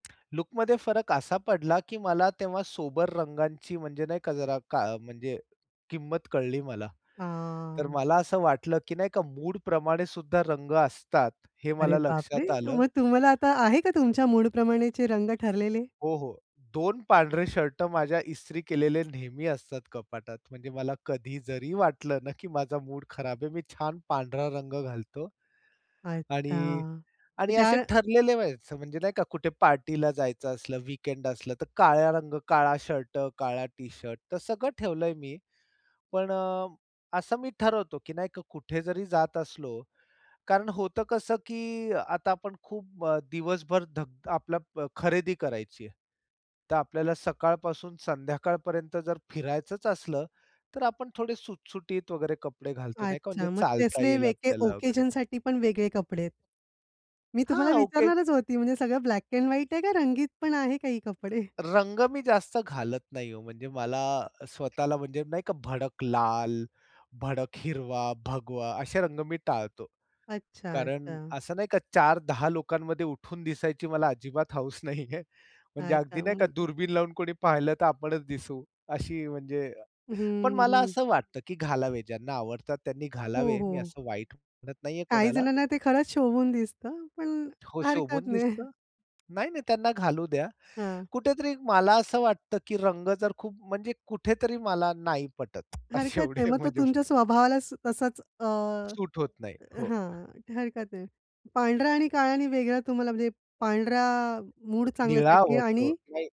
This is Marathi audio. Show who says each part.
Speaker 1: लूकमध्ये फरक असा पडला की मला तेव्हा सोबर रंगांची म्हणजे नाही का जरा का म्हणजे किंमत कळली मला. तर
Speaker 2: हां.
Speaker 1: मला असं वाटलं, की नाही का मूडप्रमाणेसुद्धा रंग असतात, हे
Speaker 2: अरे
Speaker 1: मला
Speaker 2: बापरे!
Speaker 1: लक्षात आलं.
Speaker 2: मग तुम्हाला आता आहे का तुमच्या मूड प्रमाणेचे रंग ठरलेले?
Speaker 1: हो, हो. 2 पांढरे शर्ट माझ्या इस्त्री केलेले नेहमी असतात कपाटात. म्हणजे मला कधी जरी वाटलं ना, की माझा मूड खराब आहे. मी छान पांढरा रंग घालतो
Speaker 2: अच्छा,
Speaker 1: आणि
Speaker 2: मग
Speaker 1: आणि
Speaker 2: ज्या
Speaker 1: असे ठरलेले व्हायचं म्हणजे नाही का कुठे पार्टीला जायचं असलं, वीकेंड असलं, तर काळ्या रंग, काळा शर्ट, काळा टी-शर्ट तर सगळं ठेवलंय मी. पण अ, असं मी ठरवतो की नाही का, कुठे जरी जात असलो कारण होतं कसं की आता आपण खूप अ, दिवसभर धक आपल्याला खरेदी करायची आहे, तर आपल्याला सकाळपासून संध्याकाळपर्यंत जर फिरायचंच असलं, तर आपण थोडे सुटसुटीत वगैरे कपडे घालतो नाही का म्हणजे
Speaker 2: अच्छा, मग
Speaker 1: चालता
Speaker 2: तसले
Speaker 1: येईल
Speaker 2: वेके
Speaker 1: आपल्याला वगैरे.
Speaker 2: ओकेजनसाठी पण वेगळे कपडे आहेत. मी तुम्हाला
Speaker 1: हां, ओके
Speaker 2: विचारणारच होती, म्हणजे सगळं ब्लॅक अँड व्हाईट आहे का रंगीत पण मग आहे काही कपडे?
Speaker 1: रंग मी जास्त घालत नाही हो, म्हणजे मला स्वतःला म्हणजे नाही का भडक लाल, भडक हिरवा, भगवा असे रंग मी टाळतो.
Speaker 2: अच्छा,
Speaker 1: कारण
Speaker 2: अच्छा.
Speaker 1: असं नाही का 4-10 लोकांमध्ये उठून दिसायची मला अजिबात हौस नाहीये. म्हणजे
Speaker 2: अच्छा,
Speaker 1: अगदी नाही का
Speaker 2: अं
Speaker 1: दुर्बीण लावून कोणी पाहिलं तर आपणच दिसू अशी, म्हणजे.
Speaker 2: हं,
Speaker 1: पण मला
Speaker 2: हं.
Speaker 1: असं वाटतं की घालावे, ज्यांना आवडतात त्यांनी
Speaker 2: हो,
Speaker 1: घालावे, मी
Speaker 2: हो.
Speaker 1: असं वाईट म्हणत नाहीये
Speaker 2: काही
Speaker 1: कोणाला.
Speaker 2: जणांना ते खरंच शोभून दिसतं, पण
Speaker 1: हो, शोभून
Speaker 2: हरकत नाही.
Speaker 1: दिसतं. नाही-नाही, त्यांना घालू द्या.
Speaker 2: हां.
Speaker 1: कुठेतरी मला असं वाटतं, की रंग जर खूप म्हणजे कुठेतरी मला नाही पटत असे
Speaker 2: हरकत नाही.
Speaker 1: एवढे
Speaker 2: मग तो
Speaker 1: म्हणजे
Speaker 2: तुमच्या स्वभावालाच असाच अ
Speaker 1: सूट होत नाही. हो.
Speaker 2: हां, हरकत नाही. पांढरा आणि काळा आणि वेगळा तुम्हाला म्हणजे पांढरा मूड
Speaker 1: निळा
Speaker 2: चांगल्यासाठी
Speaker 1: आवडतो,
Speaker 2: आणि
Speaker 1: नाही.